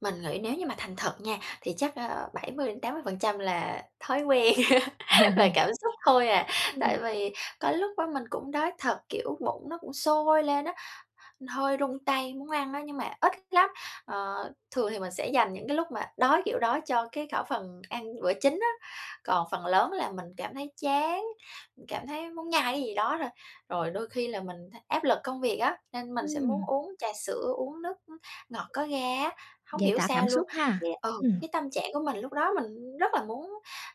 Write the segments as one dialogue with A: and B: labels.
A: Mình nghĩ nếu như mà thành thật nha, thì chắc, a, 70 đến 80% là thói quen
B: Ờ.
A: là cảm xúc thôi à. Tại
B: Ừm.
A: vì có lúc á mình cũng đói thật, kiểu, bụng nó cũng sôi lên á, hơi run tay muốn ăn á, nhưng mà ít lắm. Ờ, thường thì mình sẽ dành những cái lúc mà đói, kiểu, đói cho cái khẩu phần ăn bữa chính á, còn phần lớn là mình cảm thấy chán, mình cảm thấy muốn nhai cái gì đó thôi. Rồi đôi khi là mình thấy áp lực công việc á, nên mình sẽ muốn
B: Ừm.
A: uống trà sữa, uống nước, á, ngọt có ga á, hông
B: Giải
A: hiểu
B: toả cảm
A: sao luôn,
B: xúc ha!
A: yeah, ừ,
B: Ừm.
A: cái tâm trạng của mình lúc đó mình rất là muốn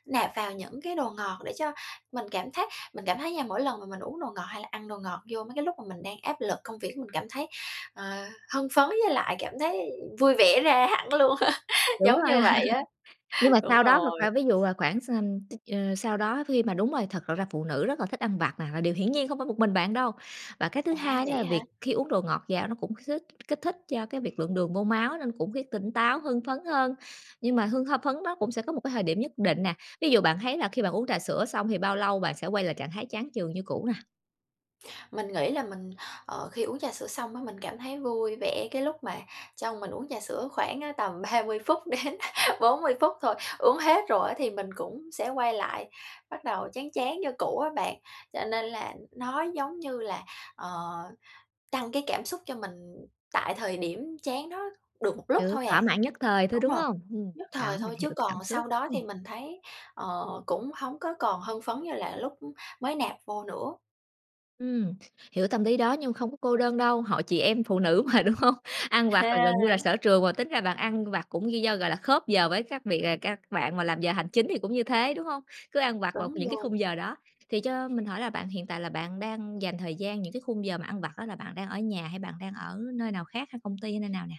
A: nạp vào những cái đồ ngọt để cho mình cảm thấy mình cảm thấy nha mỗi lần mà mình uống đồ ngọt hay là ăn đồ ngọt vô mấy cái lúc mà mình đang áp lực công việc, mình cảm thấy, ờ, hưng phấn với lại cảm thấy vui vẻ ra hẳn luôn á.
B: Đúng
A: giống
B: rồi.
A: như vậy á.
B: Nhưng mà sau
A: Đúng
B: đó một
A: rồi.
B: khoảng ví dụ, à, khoảng s ừm, t à, sau đó khi mà đúng rồi, thật l ra phụ nữ rất là thích ăn vặt nè, là điều hiển nhiên không phải một mình bạn đâu. Và cái thứ
A: À,
B: hai á
A: vậy
B: là
A: á hả?
B: việc khi uống đồ ngọt vào nó cũng kích thích kích thích cho cái việc lượng đường vô máu nên cũng khiến tỉnh táo, hưng phấn hơn. Nhưng mà hưng h phấn đó cũng sẽ có một cái thời điểm nhất định nè. Ví dụ bạn thấy là khi bạn uống trà sữa xong thì bao lâu bạn sẽ quay lại trạng thái chán chường như cũ nè?
A: Mình nghĩ là mình, ờ, khi uống trà sữa xong á, mình cảm thấy vui vẻ cái lúc mà trong mình uống trà sữa khoảng á tầm 30 phút đến 40 phút thôi, uống hết rồi á thì mình cũng sẽ quay lại, bắt đầu chán chán như cũ á bạn. Cho nên là nó giống như là, ờ, tăng cái cảm xúc cho mình tại thời điểm chán đó được một lúc
B: Kiểu,
A: thôi à.
B: thỏa mãn nhất thời thôi,
A: Đúng
B: đúng
A: rồi,
B: hông? Ừm,
A: nhất
B: đó
A: thời
B: mình
A: thôi,
B: hiểu
A: chứ
B: cái cảm
A: còn
B: xúc.
A: sau đó
B: Ừm.
A: thì mình thấy, ờ, cũng hổng có còn hưng phấn như là lúc mới nạp vô nữa.
B: Ừm, hiểu tâm lý đó nhưng mà không có cô đơn đâu, hội chị em phụ nữ mà, đúng hông? Ăn vặt là
A: Ha.
B: gần như là sở trường mà tính ra bạn ăn vặt cũng gi do, gọi là, khớp giờ với các việc à, các bạn mà làm giờ hành chính thì cũng như thế, đúng hông? Cứ ăn vặt vào
A: Đúng
B: những cái
A: luôn.
B: khung giờ đó. Thì cho mình hỏi là bạn hiện tại là bạn đang dành thời gian những cái khung giờ mà ăn vặt á là bạn đang ở nhà, hay bạn đang ở nơi nào khác hay công ty hay nơi nào nè?